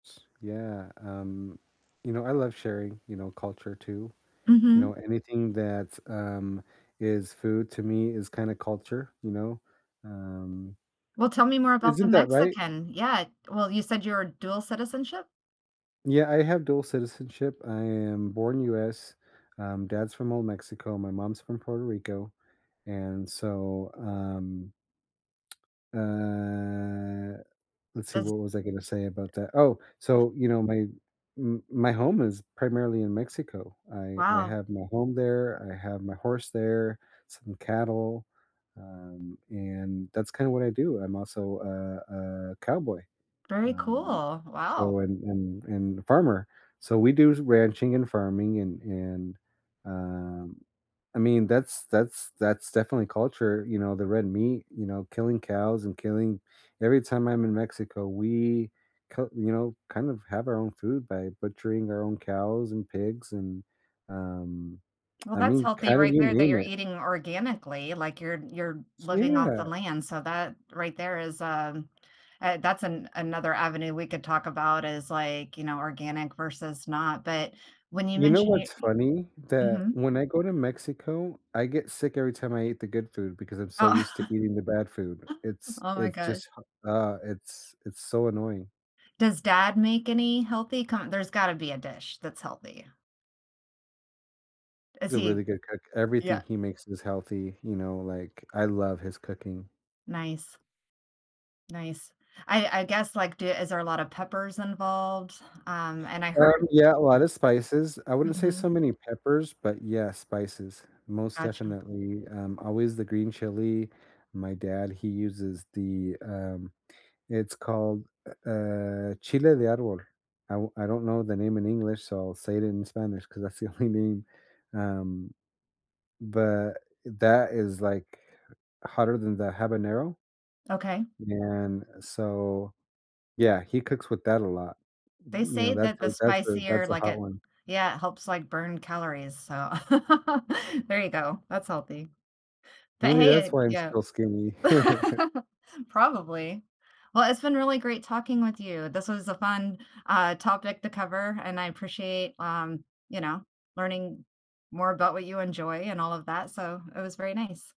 S yeah, um, you know, I love sharing, you know, culture too. You Mhm. know, anything that's, um is food to me is kinda culture, you know? Um Well, tell me more about the Isn't that right? Mexican yeah, well, you said you're a dual citizenship? Yeah, I have dual citizenship. I am born U.S, um, dad's from Old Mexico, my mom's from Puerto Rico, and, so, um, uh, let's see, Does what was I going to say about that oh, so, you know, my m my home is primarily in Mexico. I I Wow. have my home there, I have my horse there, some cattle, um, and that's kinda what I do. I'm also a a cowboy. Very Um, cool, wow. so, and and and a farmer. So, we do ranching and farming and and, um, I mean, that's that's that's definitely culture, you know, the red meat, you know, killing cows and killing every time I'm in Mexico, we, cut you know, know, kind of have our own food by butchering our own cows and pigs and, um, Well, I that's mean, healthy cattle, right you there that name you're it. eating organically, like, you're you're S living off the yeah. land, so, that right there is, um, uh, that's an another avenue we could talk about is, like, you know, organic versus not, but, when you You know mentioned you what's e funny? That Mhm. when I go to Mexico, I get sick every time I eat the good food because I'm so Oh used to eating the bad food. It's oh my it's gosh. just hu uh, it's it's so annoying. Does dad make any healthy kin there's gotta be a dish that's healthy. Is He's a really he good cook. Everything yeah. he makes is healthy, you know, like, I love his cooking. Nice. Nice. I I guess, like, do is there a lot of peppers involved? Um, and I Um, heard yeah, a lot of spices. I wouldn't say so mhm. many peppers, but, yeah, spices. Most Gotcha. definitely, um, always the green chili, my dad, he uses the, um, it's called u uh, chile de árbol. I I don't know the name in English, so I'll say it in Spanish 'cause that's the only name, um, but, that is, like, hotter than the habanero Okay. and so, yeah, he cooks with that a lot. They You know, say that's that the a that's a spicier, that's a like, hot it one. yeah, it helps, like, burn calories, so, there you go, that's healthy. But Maybe hey, uh that's why I'm yeah. still skinny. Probably. Well, it's been really great talking with you. This was a fun, uh, topic to cover, and I appreciate, um, you know, learning more about what you enjoy and all of that, so, it was very nice.